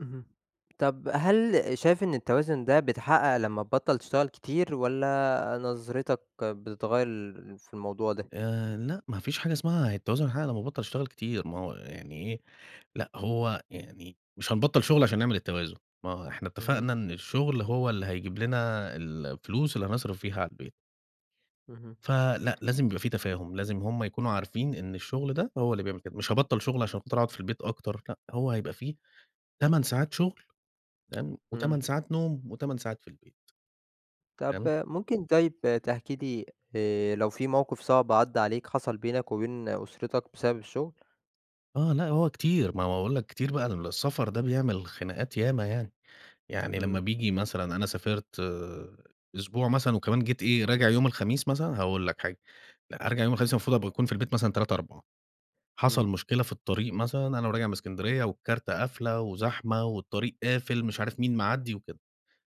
اهم، طَب هل شايف إن التوازن ده بيتحقق لمّا تبطَّل تشتغل كتير، والّا نظرتَك بتتغيَّر ل في الموضوع ده؟ آآ، لأ ما مفيش حاجة اسمها التوازن يتحقق لمّا أبطَّل أشتغل كتير، ما هو يعني إيه لأ، هو يعني مش هنبطَّل شغل علشان نعمل التوازن، ما هو إحنا اهم. اتفقنا إن الشغل هو اللي هيجيب لنا الـفلوس اللي هنصرف بيها على البيت. اهم. فلأ، لازم يبقى فيه تفاهم لازم هُم يكونوا عارفين إن الشغل ده هو اللي بيعمل كده، مش هباطل شغل علشان خاطر أقعد في البيت أكتر، لأ هو هيبقى في 8 ساعات شغل تمام، و8 إمم. ساعات نوم و8 ساعات في البيت. طَب تمام. ممكن طيب تحكي لي آآ، لو في موقف صعب عدّى عليك حصل بينك وبين أسرتَك بسبب الشغل؟ آه، لأ، هو كتير ما هو بأقول لَك كتير بقى ده السفر ده بيعمل خناقات ياما يعني، يعني لما إمم. بييجي مثلًا أنا سافرت آآ، أسبوع مثلًا وكمان جيت إيه راجع يوم الخميس مثلًا، هاقول لَك حاجة هارجع يوم الخميس المفروض أبقى أكون في البيت مثلًا 15:00، 16:00 إمم. حصل مشكلة في الطريق مثلًا أنا راجع من إسكندرية والكارتة قافلة، وزحمة والطريق قافل مش عارف مين معدِّي وكده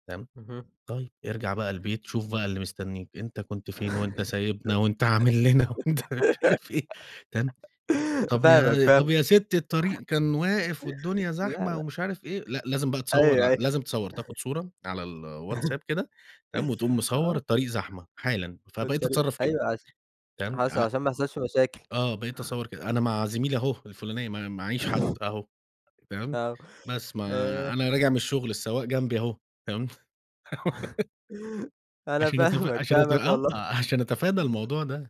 تمام، اهم. طيب ارجع بقى البيت شوف بقى اللي مستنيك، أنت كنت فين وأنت سايبنا وأنت عامل لنا وأنت مش عارف إيه تمام، و طَب فاهمَك، يا طَب فاهم يا سِتّي الطريق كان واقف والدنيا لا، زحمة لأ. ومش عارف إيه لأ لازم بقى تصوّر أيوه، ع أيوه. لازم تصوّر تاخد صورة على الWhatsApp كده تمام وتقوم مصوّر آه. الطريق زحمة حالًا، في فبقيت الطريق أتصرّف كده أيوه، عش تمام، حصل ع علشان ما يحصلش مشاكل. آه، بقيت أصوّر كده، أنا مع زميلي أهو الفلاني ما معيش حد أهو، تمام، آه، بس ما آآ أنا راجع من الشغل السواق جنبي أهو تمام. أنا علشان أتف فاهمَاك علشان أتف فاهمَاك آه، آه، والله. علشان أتفادى الموضوع ده.